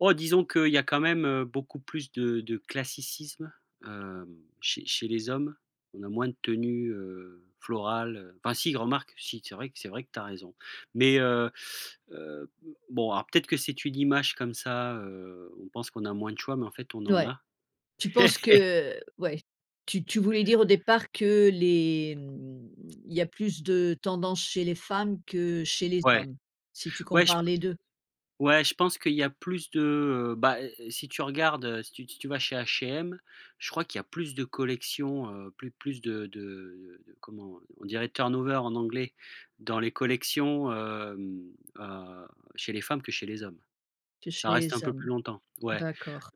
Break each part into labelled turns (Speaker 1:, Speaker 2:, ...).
Speaker 1: Oh disons qu'il y a quand même, heu, beaucoup plus de de classicisme, hem, chez chez les hommes. On a moins de tenues, heu, florales heu, enfin si, remarque, si, c'est vrai c'est vrai que tu as raison. Mais, heu, heu, mmh bon, alors peut-être que c'est une image comme ça, heu, on pense qu'on a moins de choix, mais en fait on en
Speaker 2: Ouais.
Speaker 1: a.
Speaker 2: Tu penses que ouais. Tu tu voulais dire au départ que les mmh, il y a plus de tendance chez les femmes que chez les
Speaker 1: Ouais,
Speaker 2: hommes, si tu
Speaker 1: ouais je p
Speaker 2: compares les 2?
Speaker 1: ouais je pense qu'il y a plus de, heu, bah si tu regardes heu, si tu si tu vas chez H&M, je crois qu'il y a plus de collections, heu, plus plus de de comment on dirait turn over en anglais dans les collections, hem, heu, chez les femmes que chez les hommes.
Speaker 2: Que chez
Speaker 1: Ça reste un
Speaker 2: les
Speaker 1: peu
Speaker 2: hommes?
Speaker 1: plus longtemps. Ouais.
Speaker 2: D'accord.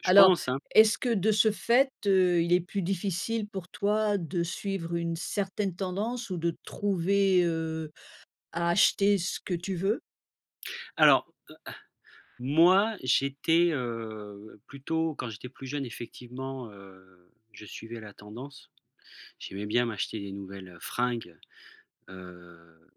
Speaker 1: Je
Speaker 2: Alors
Speaker 1: pense hein?
Speaker 2: est-ce que de ce fait, heu, il est plus difficile pour toi de suivre une certaine tendance ou de trouver, heu, à acheter ce que tu veux?
Speaker 1: Alors, heu, ah, moi j'étais, heu, plutôt quand j'étais plus jeune effectivement, heu, je suivais la tendance. J'aimais bien m'acheter des nouvelles, heu, fringues, heu,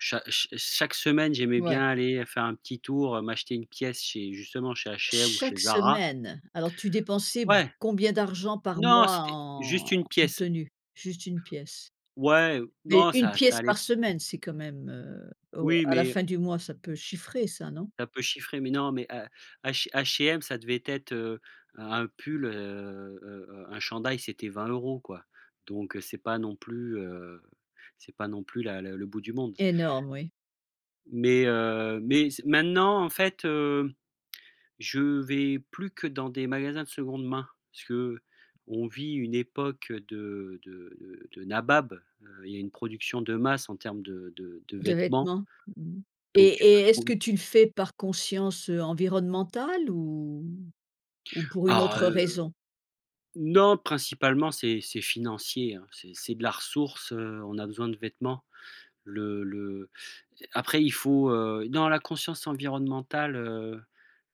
Speaker 1: cha ch chaque semaine j'aimais bien
Speaker 2: Ouais.
Speaker 1: aller faire un petit tour, heu, m'acheter 1 pièce chez justement chez H&M ou
Speaker 2: Chaque
Speaker 1: chez Zara.
Speaker 2: semaine! Alors tu dépensais b
Speaker 1: Ouais.
Speaker 2: combien d'argent par
Speaker 1: Non,
Speaker 2: mois
Speaker 1: c'était
Speaker 2: en
Speaker 1: juste 1
Speaker 2: en
Speaker 1: pièce.
Speaker 2: tenue juste 1 pièce?
Speaker 1: Ouais, heu,
Speaker 2: Mais
Speaker 1: non
Speaker 2: 1
Speaker 1: ça ça
Speaker 2: pièce par
Speaker 1: allait
Speaker 2: semaine c'est quand même, heu, o
Speaker 1: Oui
Speaker 2: à la
Speaker 1: mais
Speaker 2: fin du mois ça peut chiffrer ça non?
Speaker 1: ça peut chiffrer. Mais non mais à H H&M ça devait être, heu, un un pull, heu, heu, heu, un chandail c'était 20 € quoi. Donc c'est pas non plus, heu, c'est pas non plus la le bout du monde.
Speaker 2: Énorme oui.
Speaker 1: Mais heu, mais c maintenant en fait, hem, je vais plus que dans des magasins de seconde main. Parce qu'on vit une époque de de de nabab. Heu, il y a une production de masse en termes de de de
Speaker 2: De
Speaker 1: vêtements
Speaker 2: vêtements, mmh mh et
Speaker 1: donc tu peux
Speaker 2: et est-ce que
Speaker 1: trouver.
Speaker 2: tu le fais par conscience, heu, environnementale ou ou pour une
Speaker 1: Ah,
Speaker 2: autre
Speaker 1: heu
Speaker 2: raison?
Speaker 1: non principalement c'est c'est financier hein. C'est c'est de la ressource, heu, on a besoin de vêtements. Le le après il faut heu, non la conscience environnementale, heu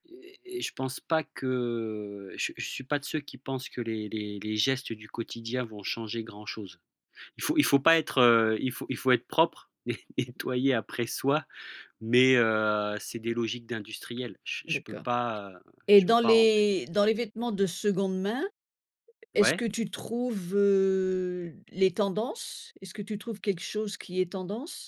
Speaker 1: et et je pense pas que je je suis pas de ceux qui pensent que les les les gestes du quotidien vont changer grand chose. Il faut il faut pas être, heu, il faut il faut être propre et et nettoyer après soi. Mais heu, c'est des logiques d'industriels. Je je peux
Speaker 2: D'accord
Speaker 1: pas, heu,
Speaker 2: et
Speaker 1: je peux
Speaker 2: dans
Speaker 1: pas rentrer.
Speaker 2: les dans les vêtements de seconde main, est-ce
Speaker 1: Ouais?
Speaker 2: que tu trouves, heu, les tendances? Est-ce que tu trouves quelque chose qui est tendance?